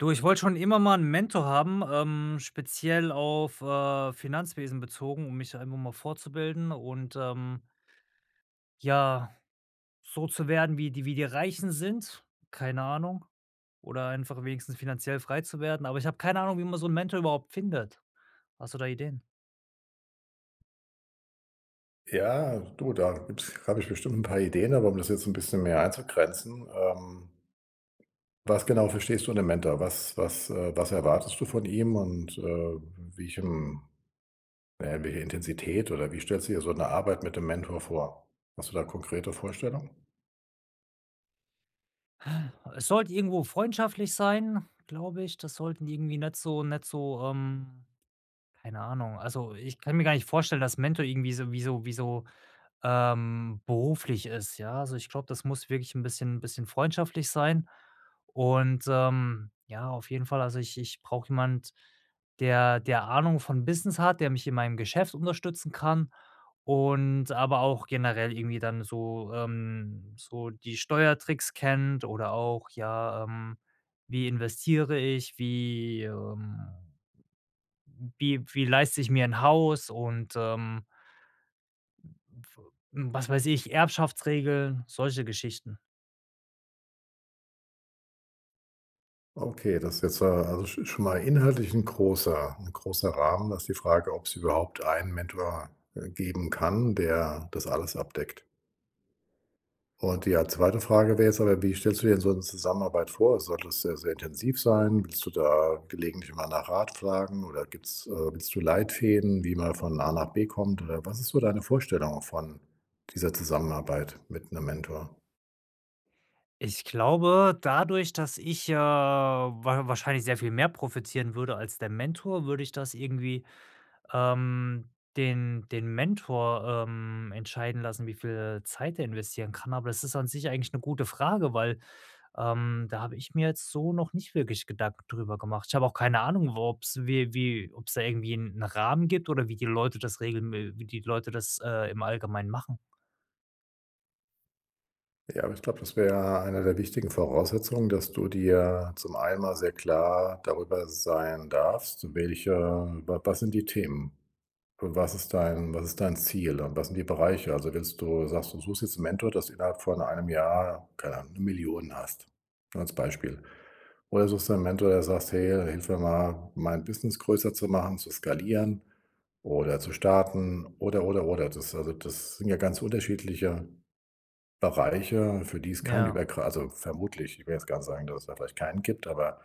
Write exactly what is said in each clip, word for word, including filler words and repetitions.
Du, ich wollte schon immer mal 'n Mentor haben, ähm, speziell auf, äh, Finanzwesen bezogen, um mich einfach mal fortzubilden und, ähm ja, so zu werden, wie die wie die Reichen sind, keine Ahnung. Oder einfach wenigstens finanziell frei zu werden. Aber ich habe keine Ahnung, wie man so 'n Mentor überhaupt findet. Hast du da Ideen? Ja, du, da gibt's habe ich bestimmt 'n paar Ideen. Aber um das jetzt 'n bisschen mehr einzugrenzen, ähm was genau verstehst du unter Mentor? Was was, äh was erwartest du von ihm? Und, äh, welchen na ja welche Intensität, oder wie stellst du dir so 'ne Arbeit mit dem Mentor vor? Hast du da konkrete Vorstellungen? Es sollte irgendwo freundschaftlich sein, glaube ich. Das sollten irgendwie nicht so nicht so, ähm keine Ahnung. Also, ich kann mir gar nicht vorstellen, dass Mentor irgendwie so wie so wie so, ähm beruflich ist, ja. Also, ich glaube, das muss wirklich 'n bisschen 'n bisschen freundschaftlich sein. Und, ähm, ja, auf jeden Fall, also ich ich brauche jemand, der der Ahnung von Business hat, der mich in meinem Geschäft unterstützen kann und aber auch generell irgendwie dann so, ähm so die Steuertricks kennt oder auch ja, ähm, wie investiere ich, wie, ähm wie wie leiste ich mir 'n Haus und, ähm, w w hm, was weiß ich, Erbschaftsregeln, solche Geschichten. Okay, das ist jetzt, äh, also sch schon mal inhaltlich 'n großer 'n großer Rahmen. Da ist die Frage, ob's überhaupt einen Mentor, äh, geben kann, der das alles abdeckt? Und die, äh, zweite Frage wäre jetzt aber: „Wie stellst du dir denn so 'n Zusammenarbeit vor? Soll das sehr, sehr intensiv sein? Willst du da gelegentlich immer nach Rat fragen? Oder gibt's äh, willst du Leitfäden, wie man von A nach B kommt oder was ist so deine Vorstellung von dieser Zusammenarbeit mit 'nem Mentor?“ Ich glaube, dadurch, dass ich ja wa wahrscheinlich sehr viel mehr profitieren würde als der Mentor, würde ich das irgendwie, ähm, den den Mentor, ähm, entscheiden lassen, wie viel Zeit der investieren kann. Aber das ist an sich eigentlich 'ne gute Frage, weil, ähm, da habe ich mir jetzt so noch nicht wirklich Gedanken drüber gemacht. Ich habe auch keine Ahnung, wo ob's wie wie ob's da irgendwie 'n Rahmen gibt oder wie die Leute das regeln we wie die Leute das, äh, im Allgemein machen. Ja, aber ich glaube, das wäre eine der wichtigen Voraussetzungen, dass du dir zum einen mal sehr klar darüber sein darfst, welche wa was sind die Themen? Und was ist dein was ist dein Ziel? Und was sind die Bereiche? Also willst du sagst du, du suchst jetzt 'n Mentor, dass du innerhalb von einem Jahr- keine Ahnung- 'ne Million hast? Nur als Beispiel. Oder suchst du 'n Mentor, der sagst: „Hey, hilf mir mal, mein Business größer zu machen, zu skalieren oder zu starten, oder, oder, oder.“ Das also das sind ja ganz unterschiedliche Bereiche, für die es kein Ja. übergrei also vermutlich. Ich will jetzt gar nicht sagen, dass es da vielleicht keinen gibt, aber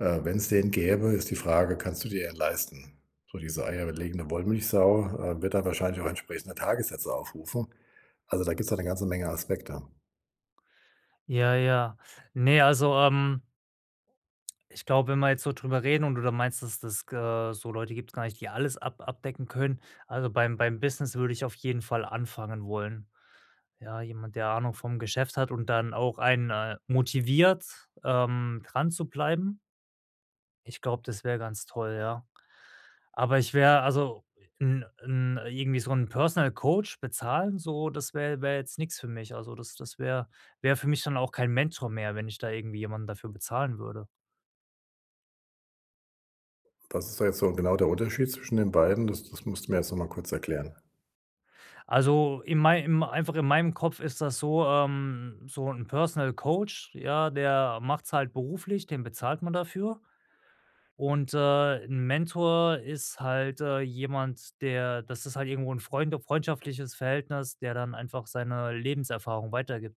äh, wenn's den gäbe, ist die Frage, kannst du dir den leisten so diese eierlegende Wollmilchsau, äh, wird da wahrscheinlich auch entsprechende Tagessätze aufrufen. Also, da gibt's halt 'ne ganze Menge Aspekte. Ja, ja. Ne, also, ähm ich glaube, wenn wir jetzt so drüber reden und du da meinst, dass des ge so Leute gibt‘s gar nicht die alles ab abdecken können, also beim beim Business würde ich auf jeden Fall anfangen wollen. Ja, jemand, der Ahnung vom Geschäft hat und dann auch einen, äh, motiviert, ähm, dran zu bleiben ich glaube, das wäre ganz toll, ja. Aber, ich wäre also ’n ‘n irgendwie so ‘n Personal Coach bezahlen, so das wär wäre jetzt nix für mich. Also, das das wär wäre für mich dann auch kein Mentor mehr, wenn ich da irgendwie jemanden dafür bezahlen würde. Was ist da jetzt so genau der Unterschied zwischen den beiden? Das das musst du mir noch mal kurz erklären. Also, in mei im einfach in meinem Kopf ist das so, ähm, so ‘n Personal Coach, ja, der macht‘s halt beruflich, den bezahlt man dafür und, äh, ‘n Mentor ist halt, äh, jemand, der das ist halt irgendwo ‘n freunde freundschaftliches Verhältnis, der dann einfach seine Lebenserfahrung weitergibt.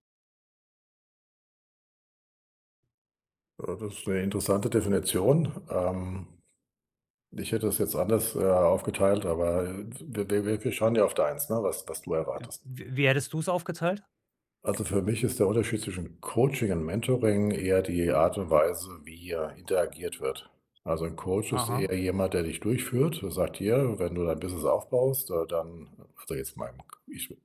Ja, das ist 'ne interessante Definition. Ähm. Ich hätte das jetzt anders, äh, aufgeteilt. Aber, äh, d wir wir wir wir schauen ja auf deins, ne, was was du Äh, erwartest. wi wie hättest du es aufgeteilt? Also für mich ist der Unterschied zwischen Coaching und Mentoring eher die Art und Weise, wie, äh, interagiert wird. Also 'n Coach ist Aha. eher jemand, der dich durchführt und sagt hier: „Wenn du dein Business aufbaust, äh dann“ [unintelligible] ich rede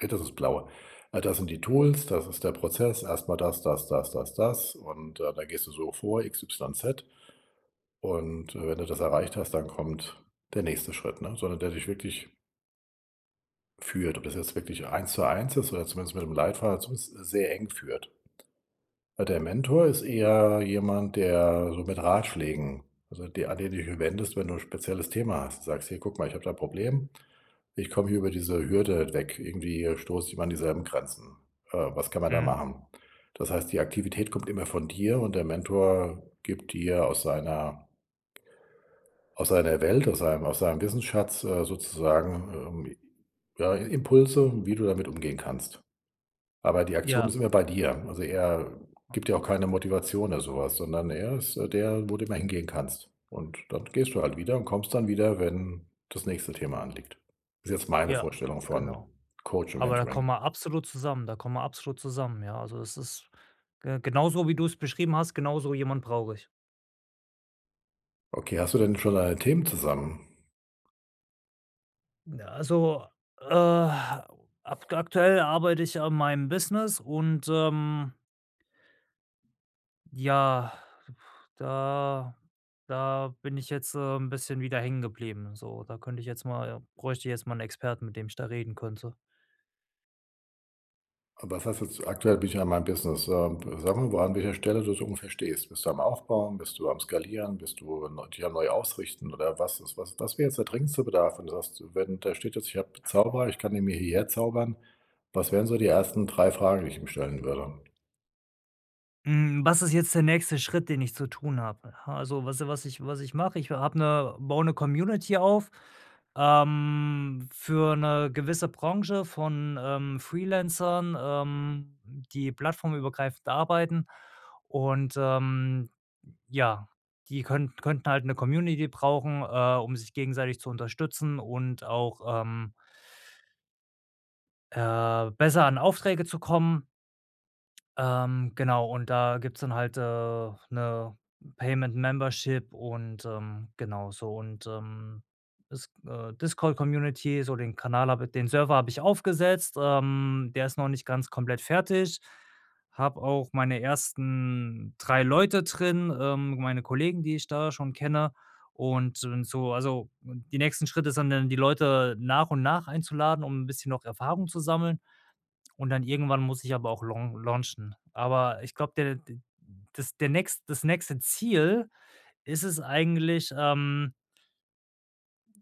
jetzt ins Blaue Ah, das sind die Tools. Das ist der Prozess. Erst mal das das das das das. Und, äh, da gehst du so vor, X-Y-Z. Und, äh, wenn du das erreicht hast, dann kommt der nächste Schritt, ne? So einer der dich wirklich führt, ob das jetzt wirklich eins zu eins ist oder zumindest mit 'nem Leitfaden dazu, sehr eng führt. Äh, der Mentor ist eher jemand, der so mit Ratschlägen so de an den du dich wendest, wenn du 'n spezielles Thema hast sagst: „Hey, guck mal, ich habe da 'n Problem. Ich komme hier über diese Hürde nicht weg. Irgendwie stoße ich immer an dieselben Grenzen. Äh, was kann man da Mhm. machen?“ Das heißt, die Aktivität kommt immer von dir. Und der Mentor gibt dir aus seiner aus seiner Welt aus seinem aus seinem Wissensschatz, äh, sozusagen, ähm, ja, I Impulse, wie du damit umgehen kannst. Aber die Aktion Ja. ist immer bei dir. Also, er [unintelligible] gibt dir auch keine Motivation oder sowas, sondern er ist, äh, der, wo du immer hingehen kannst. Und dann gehst du halt wieder und kommst dann wieder, wenn das nächste Thema anliegt. Das ist jetzt meine Ja, Vorstellung von genau. Coach und Aber da kommen Mentoring wir absolut zusammen da kommen wir absolut zusammen, ja? Also das ist ge genauso wie du es beschrieben hast, genauso jemand brauche ich. Okay. Hast du denn schon deine Themen zusammen? Ja, also, äh, ak aktuell arbeite ich an meinem Business und, ähm ja, da da bin ich jetzt, äh, 'n bisschen wieder hängen geblieben. So da könnte ich jetzt mal bräuchte ich jetzt mal 'n Experten, mit dem ich da reden könnte. Aber was hast du aktuell bin ich in meinem Business. Ähm, sage mir mal, an welcher Stelle du so ungefähr stehst. Bist du am Aufbauen? Bist du am Skalieren? Bist du, ähm, dich am neu ausrichten, oder was ist? Was wäre jetzt der dringendste Bedarf, wenn du sagst wenn da steht jetzt ich habe 'n Zauberer. Ich kann ihn mir hierher zaubern. Was wären so die ersten drei Fragen, die ich ihm stellen würde? Hm, was ist jetzt der nächste Schritt, den ich zu tun habe? H also, was ich was ich was ich mache. Ich habe 'ne baue 'ne Community auf, ähm, für 'ne gewisse Branche von, ähm, Freelancern, ähm, die plattformübergreifend arbeiten und, ähm, ja, die können könnten halt 'ne Community brauchen, äh, um sich gegenseitig zu unterstützen und auch, ähm Äh, besser an Aufträge zu kommen ähm, genau und da gibt's dann halt, äh, 'ne Payment-Membership und, ähm, genau so und, ähm, is äh, Discord-Community, so den Kanal habe i den Server habe ich aufgesetzt, ähm, der ist noch nicht ganz komplett fertig. Habe auch meine ersten drei Leute drin, ähm, meine Kollegen, die ich da schon kenne und d so also, die nächsten Schritte sind dann die Leute nach und nach einzuladen, um 'n bisschen noch Erfahrung zu sammeln. Und dann irgendwann muss ich aber auch laun launchen. Aber ich glaube, der d das der nächst das nächste Ziel ist es eigentlich, ähm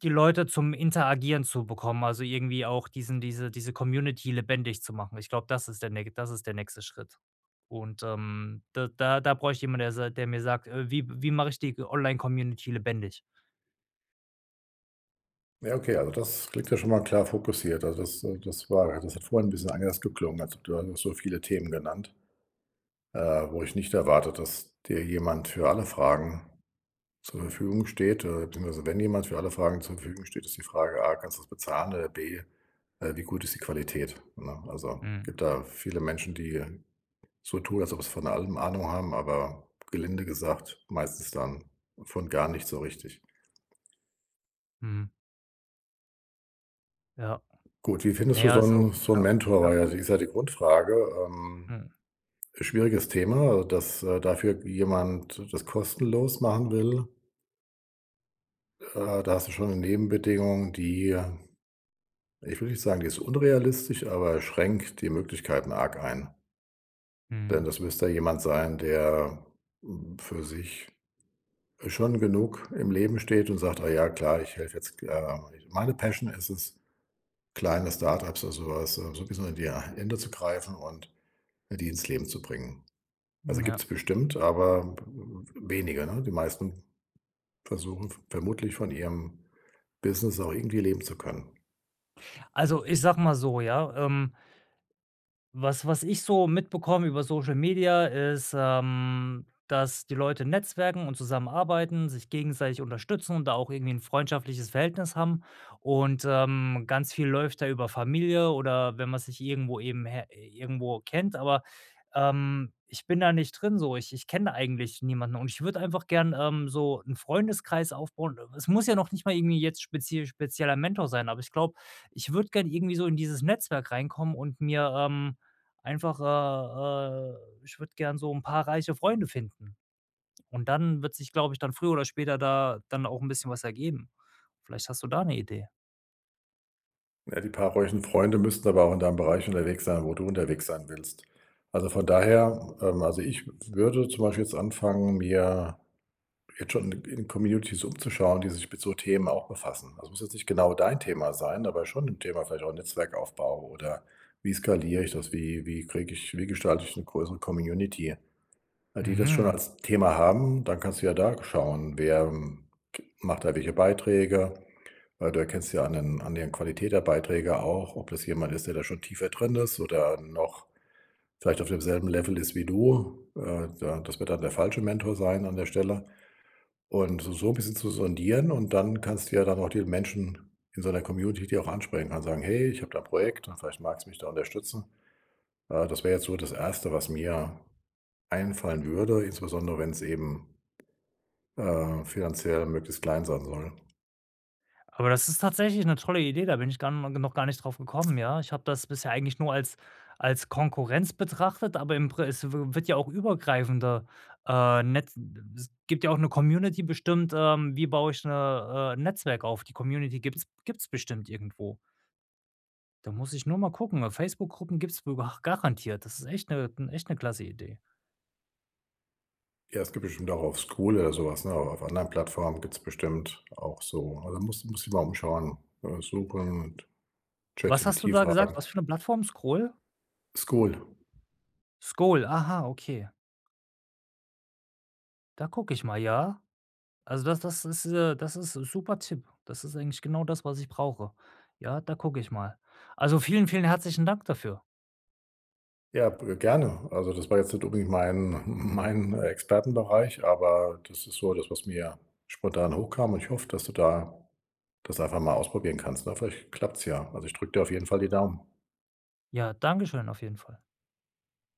die Leute zum Interagieren zu bekommen. Also, irgendwie auch diesen diese diese Community lebendig zu machen. Ich glaube, das ist der näch das ist der nächste Schritt. Und, ähm, da da da bräuchte ich jemanden, der sa der mir sagt: „Äh, wie wie mache ich die g Online-Community lebendig?” Ja. Okay. Also, das klingt ja schon mal klar fokussiert. Also, das, äh das war ja das hat vorhin 'n bisschen anders geklungen. Also, da hast du so viele Themen genannt äh, wo ich nicht erwarte, dass dir jemand für alle Fragen zur Verfügung steht. Äh, beziehungsweise wenn jemand für alle Fragen zur Verfügung steht, ist die Frage A: „Kannst du das bezahlen” oder, äh, B: „Äh, wie gut ist die Qualität,” ne? Also, es Mhm. gibt da viele Menschen, die so tun, als ob es von allem Ahnung haben. Aber gelinde gesagt, meistens dann von gar nichts so richtig. Mhm. Ja. Gut, wie Na findest du ja, so also ‘n so ‘n ja, Mentor, ja. weil das ist ja die Grundfrage ähm, Mhm. schwieriges Thema, dass, äh, dafür jemand das kostenlos machen will äh, da hast du schon ‘ne Nebenbedingung, die ähm, ich will nicht sagen, die ist unrealistisch, aber schränkt die Möglichkeiten arg ein denn Mhm. das müsste jemand sein, der, hm, für sich, schon genug im Leben steht und sagt: „Ah, ja, klar, ich helfe jetzt, äh, ich meine Passion ist es, kleine Start-ups oder sowas, so ‘n bisschen in die H Hände zu greifen und die ins Leben zu bringen.“ Also, Mhm, ja. gibt‘s bestimmt, aber b w w wenige, ne? Die meisten versuchen vermutlich von ihrem Business auch irgendwie leben zu können. Also, ich sage mal so, ja, ähm was was ich so mitbekomme über Social Media ist, ähm, dass die Leute netzwerken und zusammenarbeiten, sich gegenseitig unterstützen und da auch irgendwie ‘n freundschaftliches Verhältnis haben. Und, ähm, ganz viel läuft da über Familie oder wenn man sich irgendwo eben he irgendwo kennt, aber, ähm, ich bin da nicht drin so, ich ich kenne eigentlich niemanden und ich würde einfach gern, ähm, so ’n Freundeskreis aufbauen äh, es muss ja noch nicht mal irgendwie jetzt spezief spezieller Mentor sein, aber ich glaube, ich würde gerne irgendwie so in dieses Netzwerk reinkommen und mir, ähm, einfach, äh äh ich würde gerne so ‘n paar reiche Freunde finden. Und, dann wird sich, glaube ich, dann früher oder später da dann auch ‘n bisschen was ergeben. Vielleicht hast du da ’ne Idee? Ja, die paar ruhigen Freunde müssten aber auch in deinem Bereich unterwegs sein, wo du unterwegs sein willst. Also, von daher, ähm also, ich würde zum Beispiel jetzt anfangen, mir jetzt schon in in Communities umzuschauen, die sich mit so Themen auch befassen. Das muss jetzt nicht genau dein Thema sein, aber schon 'n Thema vielleicht auch Netzwerkaufbau, oder wie skaliere ich das? Wie wie kriege ich wie gestalte ich 'ne größere Community? Die das schon Mhm. als Thema haben. Dann kannst du ja da schauen wer k macht da welche Beiträge? Weil du erkennst ja an den an den Qualität der Beiträge auch, ob das jemand ist, der da schon tiefer drin ist oder noch vielleicht auf demselben Level ist wie du. Äh, da das wird dann der falsche Mentor sein an der Stelle und so 'n bisschen zu sondieren. Und dann kannst du dir dann auch die Menschen in so 'ner Community, die auch ansprechen. Kannst sagen: „Hey, ich habe da 'n Projekt. Und vielleicht magst du mich da unterstützen.“ Äh, das wäre jetzt so das erste, was mir einfallen würde. Insbesondere wenn es eben äh, finanziell möglichst klein sein soll. Aber das ist tatsächlich 'ne tolle Idee, da bin ich dann no noch gar nicht drauf gekommen, ja? Ich habe das bisher eigentlich nur als als Konkurrenz betrachtet, aber im pres äh, es wird ja auch übergreifender, äh, Netz n d s gibt ja auch 'ne Community bestimmt, ähm, wie baue ich 'ne, äh, Netzwerk auf, die Community gibt's gibt's bestimmt irgendwo. Da muss ich nur mal gucken, weil Facebook-Gruppen gibt es w b garantiert. Das ist echt 'ne echt 'ne klasse Idee. Ja, es gibt bestimmt auch auf Skool oder sowas, ne? Oder auf anderen Plattformen gibt's bestimmt auch so Also, da muss musst dich mal umschauen, äh, suchen und Was hast du ChatGPT da gesagt? fragen. Was für 'ne Plattform, Skool? Skool. Skool, aha, okay. Da gucke ich mal, ja. Also, das das ist äh, das ist super Tipp. Das ist eigentlich genau das, was ich brauche. Ja, da gucke ich mal. Also, vielen, vielen herzlichen Dank dafür. Ja, b gerne. Also, das war jetzt nicht unbedingt mein mein Expertenbereich. Aber das ist so das, was mir spontan hochkam. Und ich hoffe, dass du da das einfach mal ausprobieren kannst. Aber vielleicht klappt es ja. Also, ich drücke dir auf jeden Fall die Daumen. Ja, dankeschön. Auf jeden Fall.